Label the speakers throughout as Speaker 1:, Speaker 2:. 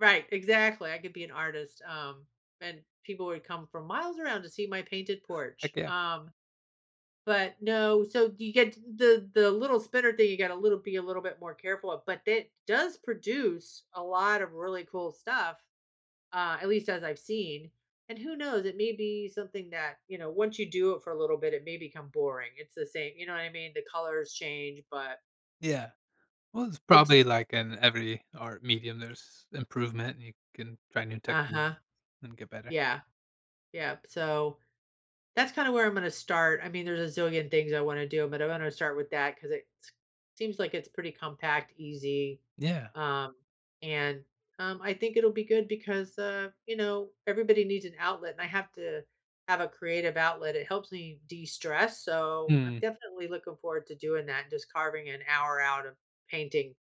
Speaker 1: Right, exactly, I could be an artist, um, and people would come from miles around to see my painted porch,
Speaker 2: Heck yeah.
Speaker 1: um, but no, so you get t the the little spinner thing, you gotta little be a little bit more careful of, but it does produce a lot of really cool stuff, uh, at least as I've seen, and who knows? It may be something that, you know, once you do it for a little bit, it may become boring, it's the same you know what I mean? The colors change, but
Speaker 2: Yeah, well, it's
Speaker 1: It d d
Speaker 2: probably like in every art medium, there's improvement, you can try new techniques
Speaker 1: Uh-huh,
Speaker 2: and get better.
Speaker 1: yeah. Yep, so, that's kinda where I'm gonna start, I mean, there's a zillion things I wanna do, but I'm gonna start with that 'cause it s seems like it's pretty compact, easy,
Speaker 2: Yeah.
Speaker 1: um, and, um, I think it'll be good because, uh, you know, everybody needs an outlet and I have to have a creative outlet, it helps me de-stress, so, I'm
Speaker 2: Mm.
Speaker 1: definitely looking forward to doing that, just carving an hour out of painting,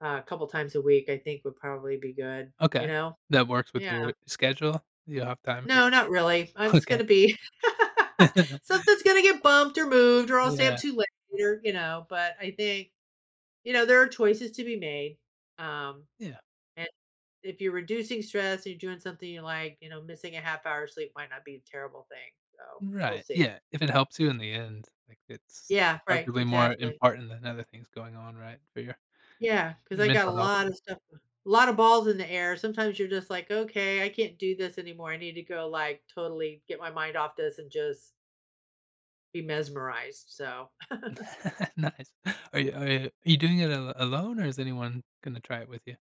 Speaker 1: uh, couple times a week, I think would probably be good, you
Speaker 2: Okay,
Speaker 1: know?
Speaker 2: that works with
Speaker 1: Yeah.
Speaker 2: your schedule, do you have time for
Speaker 1: No,
Speaker 2: that?
Speaker 1: not really, I'm just gonna
Speaker 2: Okay.
Speaker 1: be
Speaker 2: Yeah.
Speaker 1: something's gonna get bumped or moved or I'll stay up
Speaker 2: Yeah.
Speaker 1: to later, you know? But I think you know, there are choices to be made, um,
Speaker 2: Yeah.
Speaker 1: an if you're reducing stress, you're doing something you like, you know, missing a 1/2 hour sleep might not be a terrible thing, so, we'll
Speaker 2: Right,
Speaker 1: see,
Speaker 2: yeah, if it helps
Speaker 1: yeah.
Speaker 2: you in the end, like, it's
Speaker 1: Yeah, right,
Speaker 2: arguably more
Speaker 1: exactly.
Speaker 2: important than other things going on, right? For your
Speaker 1: Yeah, 'cause
Speaker 2: your
Speaker 1: I got a
Speaker 2: mental health.
Speaker 1: lot of stuff uh, a lot of balls in the air, sometimes you're just like, "Okay, I can't do this anymore, I need to go, like, totally get my mind off this and just" "be mesmerized," so
Speaker 2: Nice, are you are you you doing it al alone, or is anyone gonna try it with ya?